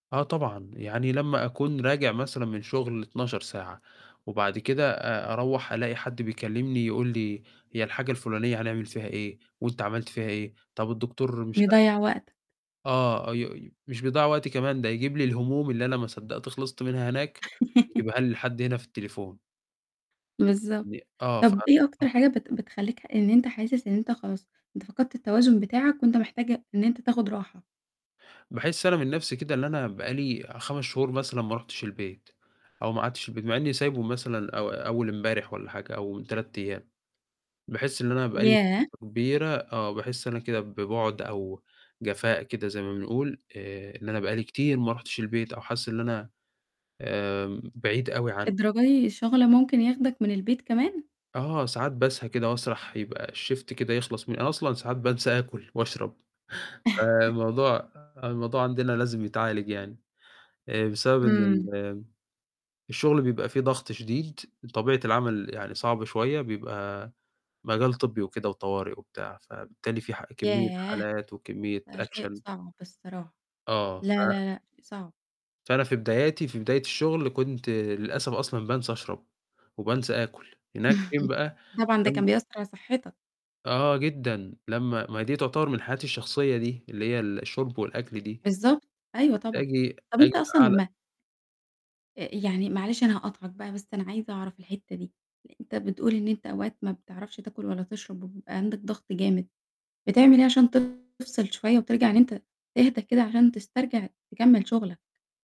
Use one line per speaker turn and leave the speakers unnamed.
آه طبعًا، يعني لما أكون راجع مثلًا من شغل 12 ساعة، وبعد كده أ أروَّح ألاقي حد بيكلمني يقول لي هي الحاجة الفلانية هنعمل فيها إيه، وأنت عملت فيها إيه، طب الدكتور مش عارف
بيضيّع وقتك.
آه، ي ي مش بيضيّع وقتي كمان، ده يجيب لي الهموم اللي أنا ما صدّقت خلِصت منها هناك، يجيبها لي لحد هنا في التليفون.
بالضبط،
يعني آه، ف
طب إيه أكتر
[unintelligible]
حاجة بت بتخلّيك ح إن أنت حاسس إن أنت خلاص، أنت فقدت التوازن بتاعك وأنت محتاج إن أنت تاخد راحة؟
باحس أنا من نفسي كده اللي أنا بقى لي 5 شهور مثلًا ما رُحتش البيت، أو ما قعدتش في البيت، مع إني سايبه مثلًا أو أول إمبارح والّا حاجة أو من 3 أيام. باحس اللي أنا بقى لي
ياه!
[unintelligible] كبيرة آه، باحس أنا كده ببعد أو جفاء كده زي ما بنقول، آآ، إن أنا بقى لي كتير ما رُحتش البيت أو حاسس إن أنا آمم بعيد أوي عنه.
للدرجة دي الشغل ممكن ياخدك من البيت كمان!
آه، ساعات باسهى كده وأسرح، يبقى الشيفت كده يخلص، م أنا أصلًا ساعات بانسى آكل وأشرب، فالموضوع الموضوع عندنا لازم يتعالج يعني، آآ بسبب إن
إمم.
ال الشغل بيبقى فيه ضغط شديد، طبيعة العمل يعني صعبة شوية، بيبقى مجال طبي وكده وطوارئ وبتاع. فبالتالي في ح كمية
ياه!
حالات وكمية
ده شيء
أكشن.
صعب الصراحة.
آه، ف
لا لا لأ، صعب.
فأنا في بداياتي في بداية الشغل، كنت للأسف أصلًا بانسى أشرب وبانسى آكل، هناك فين بقى؟
طبعًا ده كان
لم
بيأثر على صحتك.
آه جدًا، لما ما هي دي تعتبر من حياتي الشخصية دي، اللي هي الشرب والأكل دي.
بالضبط، أيوه
كنت
طبعًا.
آجي
طب
آجي
أنت أصلًا
لأعلى
لما أأ، يعني معلش أنا هاقاطعك بقى بس أنا عايزة أعرف الحتة دي، أنت بتقول إن أنت أوقات ما بتعرفش تاكل ولا تشرب وبيبقى عندك ضغط جامد، بتعمل إيه عشان تفصِل شوية وترجع إن أنت تهدى كده عشان تسترجع تكمل شغلك؟